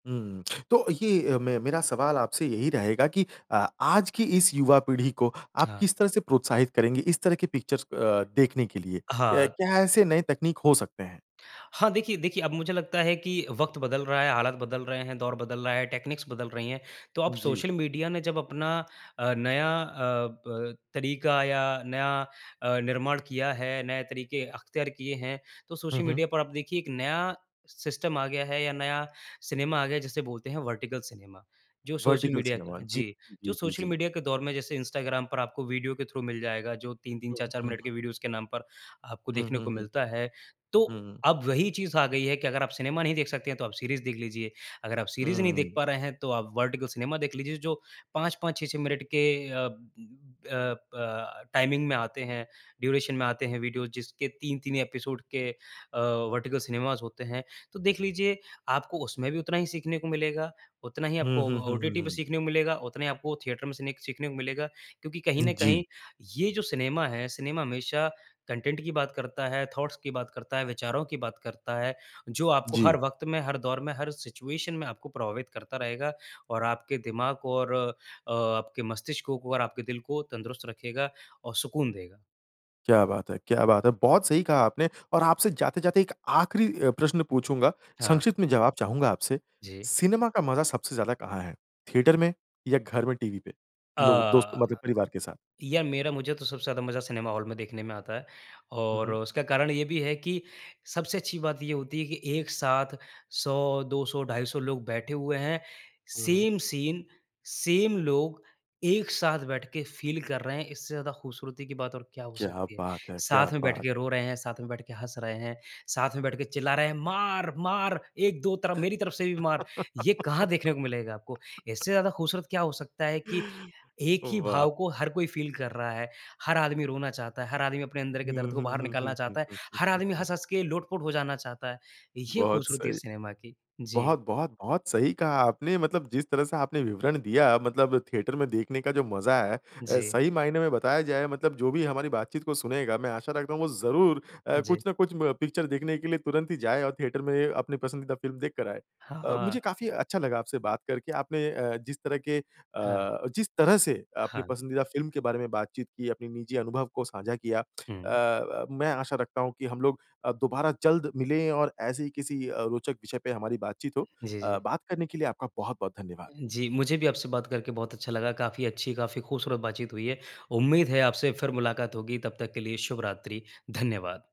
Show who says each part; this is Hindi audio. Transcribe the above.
Speaker 1: हुँ। तो ये अ, मे मेरा सवाल आपसे यही रहेगा कि अ, आज की इस युवा पीढ़ी को आप
Speaker 2: हाँ।
Speaker 1: किस तरह से प्रोत्साहित करेंगे इस तरह की पिक्चर्स अ, देखने के लिए? या
Speaker 2: हाँ।
Speaker 1: क्या ऐसे नए तकनीक हो सकते हैं?
Speaker 2: हाँ, देखिए देखिए, अब मुझे लगता है कि वक़्त बदल रहा है, हालात बदल रहे हैं, दौर बदल रहा है, टेक्नीक्स बदल रही हैं। तो अब
Speaker 1: जी।
Speaker 2: सोशल मीडिया ने जब अपना अ, नया अ, ब तरीका या नया अ, निर्माण किया है, नए तरीके अख्तियार किये हैं, तो
Speaker 1: हुँ,
Speaker 2: सोशल
Speaker 1: हुँ।
Speaker 2: मीडिया पर आप देखिए, एक नया सिस्टम आ गया है या नया सिनेमा आ गया है, जिसे बोलते हैं वर्टिकल सिनेमा। जो सोशल
Speaker 1: वर्टिकल
Speaker 2: मीडिया की
Speaker 1: सिनेमा,
Speaker 2: तरह
Speaker 1: जी।
Speaker 2: जी,
Speaker 1: जी,
Speaker 2: जो
Speaker 1: जी,
Speaker 2: सोशल
Speaker 1: जी।
Speaker 2: मीडिया के दौर में जैसे इंस्टाग्राम पर आपको वीडियो के थ्रू मिल जाएगा, जो 3-3,
Speaker 1: हुँ,
Speaker 2: 4-4
Speaker 1: हुँ, हुँ,
Speaker 2: मिनट
Speaker 1: हुँ।
Speaker 2: के वीडियोज़ के नाम पर आपको
Speaker 1: हुँ,
Speaker 2: देखने
Speaker 1: हुँ,
Speaker 2: को
Speaker 1: हुँ।
Speaker 2: मिलता है। तो,
Speaker 1: हुँ।
Speaker 2: अब वही चीज़ आ गई है कि अगर आप सिनेमा नहीं देख सकते हैं, तो आप सीरीज़ देख लीजिए। अगर आप सीरीज़ नहीं देख
Speaker 1: हुँ।
Speaker 2: पा रहे हैं, तो आप वर्टिकल सिनेमा देख लीजिए, जो 5-5, 6-6 मिनट के अ, अ, ब टाइमिंग में आते हैं, ड्यूरेशन में आते हैं वीडियोज़, जिसके तीन-तीन एपिसोड के अ, वर्टिकल सिनेमाज़ होते हैं। तो देख लीजिए, आपको उसमें भी उतना ही सीखने को मिलेगा, उतना ही
Speaker 1: हुँ,
Speaker 2: आपको
Speaker 1: हुँ,
Speaker 2: अ,
Speaker 1: हुँ, हुँ,
Speaker 2: ओटीटी पे
Speaker 1: हुँ।
Speaker 2: सीखने को मिलेगा, उतना ही आपको थिएटर में सिनेख सीखने को मिलेगा क्योंकि कहीं
Speaker 1: हुँ,
Speaker 2: ना
Speaker 1: जी।
Speaker 2: कहीं, ये जो सिनेमा है, सिनेमा हमेशा कंटेंट की बात करता है, थॉट्स की बात करता है, विचारों की बात करता है, जो आपको हर
Speaker 1: जी।
Speaker 2: वक़्त में, हर दौर में, हर सिचुएशन में आपको प्रभावित करता रहेगा और आपके दिमाग को और अ, आपके मस्तिष्क को और आपके दिल को तंदुरुस्त रखेगा और सुकून देगा।
Speaker 1: क्या बात है! क्या बात है! बहुत सही कहा आपने और आपसे जाते-जाते एक आखिरी अ, प्रश्न पूछूँगा।
Speaker 2: हाँ।
Speaker 1: संक्षिप्त में जवाब चाहूँगा आपसे।
Speaker 2: जी।
Speaker 1: सिनेमा का मज़ा सबसे ज़्यादा कहाँ है? थिएटर में, या घर में टीवी पे, लोग दोस्त
Speaker 2: अ,
Speaker 1: मतलब परिवार के साथ?
Speaker 2: यार, मेरा मुझे तो सबसे ज़्यादा मज़ा सिनेमा हॉल में देखने में आता है
Speaker 1: हुँ,
Speaker 2: और
Speaker 1: हुँ।
Speaker 2: उसका कारण ये भी है कि सबसे अच्छी बात ये होती है कि एक साथ 100, 200, 250 लोग बैठे हुए हैं।
Speaker 1: हुँ, हुँ।
Speaker 2: सेम सीन, सेम लोग, एक साथ बैठ के फ़ील कर रहे हैं, इससे ज़्यादा ख़ूबसूरती की बात और क्या हो
Speaker 1: क्या
Speaker 2: सकती है।
Speaker 1: बात है! क्या
Speaker 2: साथ में बैठ के
Speaker 1: बात!
Speaker 2: रो रहे हैं, साथ में बैठ के हँस रहे हैं, साथ में बैठ के चिल्ला रहे हैं, "मार! मार! 1-2 तरफ मेरी तरफ से भी मार।" ये कहाँ देखने को मिलेगा आपको? इससे ज़्यादा ख़ूबसूरत क्या हो सकता है कि एक ही
Speaker 1: वाह!
Speaker 2: भाव को हर कोई फ़ील कर रहा है। हर आदमी रोना चाहता है, हर आदमी अपने अंदर के
Speaker 1: हुँ,
Speaker 2: दर्द को
Speaker 1: हुँ,
Speaker 2: बाहर
Speaker 1: हुँ, हुँ,
Speaker 2: निकालना
Speaker 1: हुँ,
Speaker 2: चाहता है,
Speaker 1: हुँ, हुँ,
Speaker 2: हर
Speaker 1: हुँ,
Speaker 2: आदमी
Speaker 1: हुँ।
Speaker 2: हँस-हँस के लोट-पोट हो जाना चाहता है। ये
Speaker 1: बहुत
Speaker 2: ख़ूबसूरती है
Speaker 1: सही।
Speaker 2: सिनेमा की। जी।
Speaker 1: बहुत, बहुत, बहुत सही कहा आपने। मतलब जिस तरह से आपने विवरण दिया, मतलब थिएटर में देखने का जो मज़ा है अ,
Speaker 2: जी।
Speaker 1: सही मायने में बताया जाए, मतलब जो भी हमारी बातचीत को सुनेगा, मैं आशा रखता हूँ वो ज़रूर अ,
Speaker 2: हाँ जी।
Speaker 1: कुछ ना कुछ म पिक्चर देखने के लिए तुरंत ही जाए और थिएटर में अपनी पसंदीदा फ़िल्म देख कर आए। अ,
Speaker 2: हाँ।
Speaker 1: मुझे काफ़ी अच्छा लगा आपसे बात करके। आपने अ, जिस तरह के अ,
Speaker 2: हाँ।
Speaker 1: जिस तरह से अपनी
Speaker 2: हाँ।
Speaker 1: पसंदीदा फ़िल्म के बारे में बातचीत की, अपनी निजी अनुभव को साझा किया अ,
Speaker 2: हुँ।
Speaker 1: अ, मैं आशा रखता हूँ कि हम लोग अ, दोबारा जल्द मिलें और ऐसे ही किसी अ, रोचक विषय पे हमारी बातचीत हो।
Speaker 2: जी,
Speaker 1: अ,
Speaker 2: जी।
Speaker 1: बात करने के लिए आपका बहुत-बहुत धन्यवाद।
Speaker 2: जी, मुझे भी आपसे बात करके बहुत अच्छा लगा। काफ़ी अच्छी, काफ़ी ख़ूबसूरत बातचीत हुई है। उम्मीद है, आपसे फिर मुलाक़ात होगी। तब तक के लिए शुभ रात्रि, धन्यवाद।